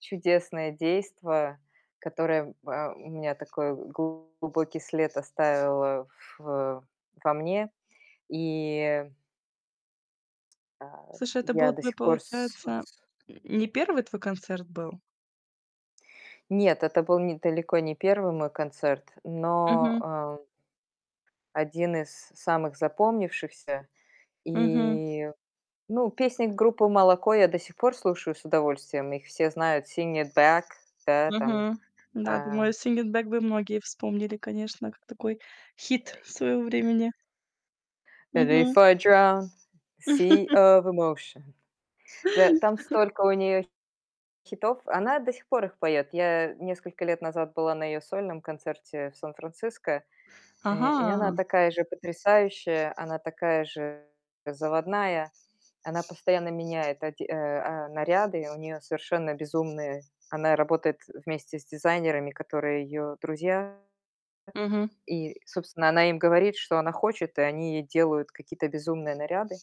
Чудесное действо, которое, м, а, м, у меня такой глубокий след оставило в во мне. И А, Слушай, это был я до твой, сих пор с получается с не 1 твой концерт был? Нет, это был н далеко не 1 мой концерт, Мгм. но, э, 1 из самых запомнившихся. Мгм. И, ну, песни группы Moloko я до сих пор слушаю с удовольствием. Их все знают: Sing It Back, да, там, Мгм. Да, э думаю, Sing It Back бы многие вспомнили, конечно, как такой хит своего времени. Мгм. Before I drown. Sea of emotion. Да, там столько у неё хитов, она до сих пор их поёт. Я несколько лет назад была на её сольном концерте в Сан-Франциско, э, и она Ага! такая же потрясающая, она такая же заводная. Она постоянно меняет оде э, а, наряды. И у неё совершенно безумные. Она работает вместе с дизайнерами, которые её друзья. Мгм. И, собственно, она им говорит, что она хочет, и они ей делают какие-то безумные наряды.